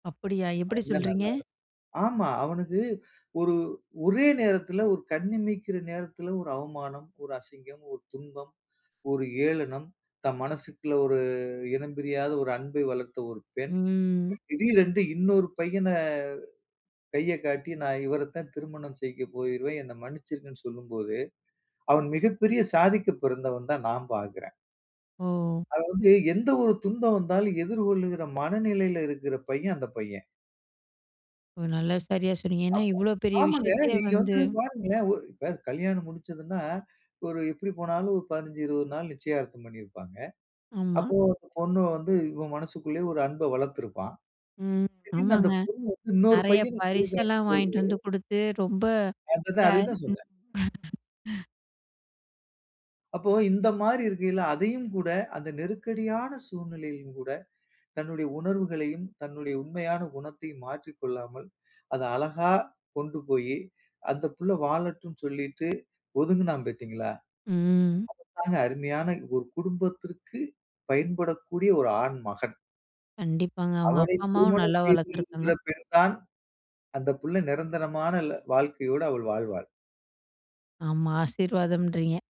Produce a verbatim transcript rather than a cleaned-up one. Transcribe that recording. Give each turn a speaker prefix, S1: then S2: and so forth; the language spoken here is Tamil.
S1: அப்படியா, எப்படி
S2: அவன் தான்
S1: சொல்றீங்க?
S2: நல்லா இருப்பான். ஆமா. அவனுக்கு ஒரு, ஒரே நேரத்தில ஒரு கண்ணு இமைக்கிற நேரத்தில ஒரு அவமானம், ஒரு அசிங்கம், ஒரு துன்பம், ஒரு ஏளனம். "தன் மனசுக்குள்ள ஒரு இனம் பிரியாத ஒரு அன்பை வளர்த்த ஒரு பெண்,
S1: ம்.
S2: திடீரென்று இன்னொரு பையன கைய காட்டி நா இவரை தான் திருமணம் செய்ய போகிறேன், என்னை மன்னிச்சுருங்கன்னு சொல்லும்போது, அவன் மிகப்பெரிய சாதிக்க பிறந்தவன்னு தான் நான் பார்க்கிறேன்.
S1: ஓ!
S2: அது வந்து எந்த ஒரு துன்பம் வந்தாலும் எதிர்கொள்ளுகிற மனநிலையில இருக்கிற பையன், அந்த பையன்.
S1: ஒ! நல்லா, சரியா சொன்னீங்க. ஏன்னா,
S2: அப்போ
S1: இவ்வளோ பெரிய
S2: ஆமாங்க.
S1: விஷயத்தையே
S2: நீங்க
S1: வந்து
S2: வந்து பாருங்களேன். ஒ இப்ப கல்யாணம் முடிச்சுதுன்னா, ஒரு எப்படி போனாலும் ஒரு பதினஞ்சு, இருவது நாள் நிச்சயார்த்தம் பண்ணியிருப்பாங்க.
S1: ஆமா.
S2: அப்போ அந்த பொண்ணு வந்து இவன் மனசுகுள்ள ஒரு அன்பை வளர்த்திருப்பா.
S1: ம்,
S2: திடீர்ன்னு அந்த
S1: ஆமாங்க.
S2: பொண்ணு வந்து இன்னொரு
S1: நெறைய
S2: பையனை கை காட்டும்
S1: பரிசெல்லாம்
S2: போது
S1: வாங்கிட்டு வந்து குடுத்து, ரொம்ப
S2: அத தான் அத தான் சொன்னேன்.
S1: [unintelligible]
S2: அப்போ இந்த மாரி இருக்கயில அதையும் கூட, அந்த நெருக்கடியான சூழ்நிலையிலும் கூட, தன்னுடைய உணர்வுகளையும் தன்னுடைய உண்மையான குணத்தையும் மாற்றிக் கொள்ளாமல், அத அழகா கொண்டு போயி, அந்த புள்ள வாழட்டும்ன்னு சொல்லிட்டு ஒதுங்குனான் பார்த்தீங்களா?
S1: ம்.
S2: அதுதாங்க அருமையான ஒரு குடும்பத்திற்கு பயன்படக்கூடிய ஒரு ஆண் மகன்.
S1: கண்டிப்பாங்க. அவுங்க
S2: அவனை
S1: அப்பா, அம்மாவும்
S2: திருமணம்
S1: நல்லா
S2: செய்து
S1: வளர்த்துருக்காங்க.
S2: இருக்கிற பெண் தான் அந்த புள்ள நெரந்தரமான ல வாழ்க்கையோட அவள் வாழ்வாள்.
S1: ஆமா, ஆசீர்வாதம்ன்றீங்க.